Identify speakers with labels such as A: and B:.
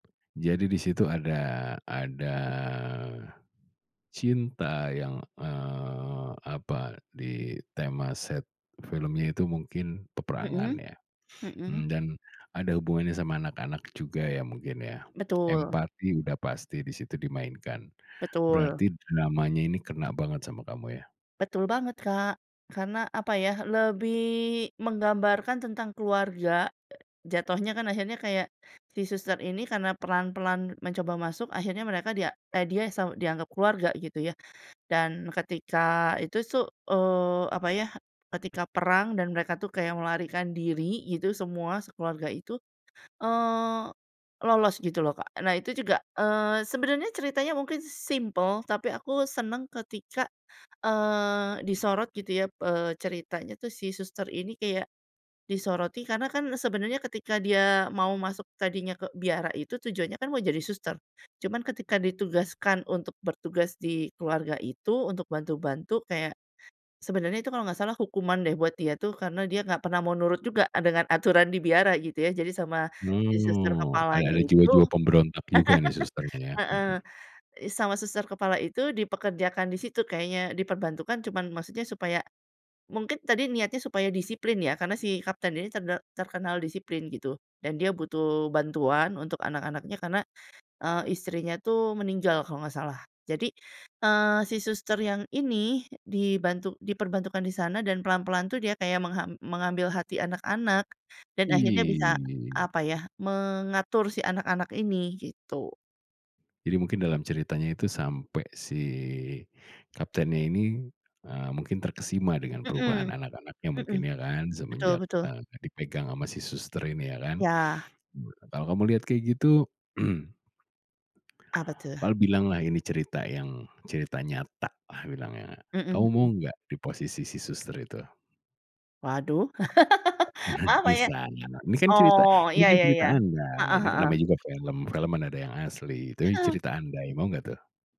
A: Jadi di situ ada ada, cinta yang, eee, apa, di tema set filmnya itu mungkin peperangan
B: Mhm,
A: ya.
B: mhm.
A: Mmm, dan ada hubungannya sama anak-anak juga ya, mungkin ya,
B: Betul.
A: empati udah pasti di situ dimainkan.
B: Betul.
A: Berarti dramanya ini kena banget sama kamu ya?
B: Betul banget, Kak. Karena apa ya, lebih menggambarkan tentang keluarga, jatohnya kan akhirnya kayak si suster ini karena pelan-pelan mencoba masuk akhirnya mereka dia eee, dia sa dianggap keluarga, gitu ya. Dan ketika itu su eee, apa ya, ketika perang dan mereka tuh kayak melarikan diri, gitu, semua, sekeluarga itu, eee, lolos gitu loh, Kak. Nah, itu juga, eee, sebenernya ceritanya mungkin simpel, tapi aku seneng ketika, eee, disorot gitu ya, eee, ceritanya tuh si suster ini kayak disoroti, karena kan sebenernya ketika dia mau masuk tadinya ke biara, itu tujuannya kan mau jadi suster. Cuman ketika ditugaskan untuk bertugas di keluarga itu untuk bantu-bantu kayak, sebenernya itu kalau nggak salah hukuman deh buat dia tuh, karena dia nggak pernah mau nurut juga, eee, dengan aturan di biara, gitu ya. Jadi sama si suster
A: Mmm, ada
B: kepalanya
A: ada
B: itu
A: jiwa-jiwa pemberontak juga nih, susternya ya?
B: heeh,
A: Mhm.
B: i sama suster kepala itu dipekerjakan di situ kayaknya, diperbantukan cuma maksudnya supaya mungkin tadi, niatnya supaya disiplin ya, karena si kapten ini terde terkenal disiplin, gitu. Dan dia butuh bantuan untuk anak-anaknya, karena, eee, istrinya tuh meninggal kalau nggak salah. Jadi, eee, si suster yang ini, dibantu diperbantukan di sana dan pelan-pelan tuh dia kayak mengham mengambil hati anak-anak, dan akhirnya bisa,
A: Ih.
B: apa ya, mengatur si anak-anak ini, gitu.
A: Jadi mungkin dalam ceritanya itu sampai si kaptennya ini, eee mungkin terkesima dengan perubahan
B: Mhm,
A: anak-anaknya mungkin
B: mhm.
A: ya kan,
B: Betul
A: semenjak,
B: betul.
A: eee, dipegang sama si suster ini, ya kan.
B: Ya.
A: Kalau kamu lihat kayak gitu
B: Apa tuh?
A: pal bilanglah ini cerita yang cerita nyata, ah bilangnya.
B: Mhm
A: Kamu mau
B: mhm.
A: nggak di posisi si suster itu?
B: Waduh.
A: Bener,
B: Apa ya?
A: pisan. Nah nah, ini kan cerita
B: Oh,
A: ini
B: iya
A: kan
B: iya
A: cerita
B: iya,
A: andai,
B: heeh
A: ini kan
B: heeh.
A: namanya juga film, film mana ada yang asli. Itu i
B: Heeh.
A: cerita andai, mau nggak tuh?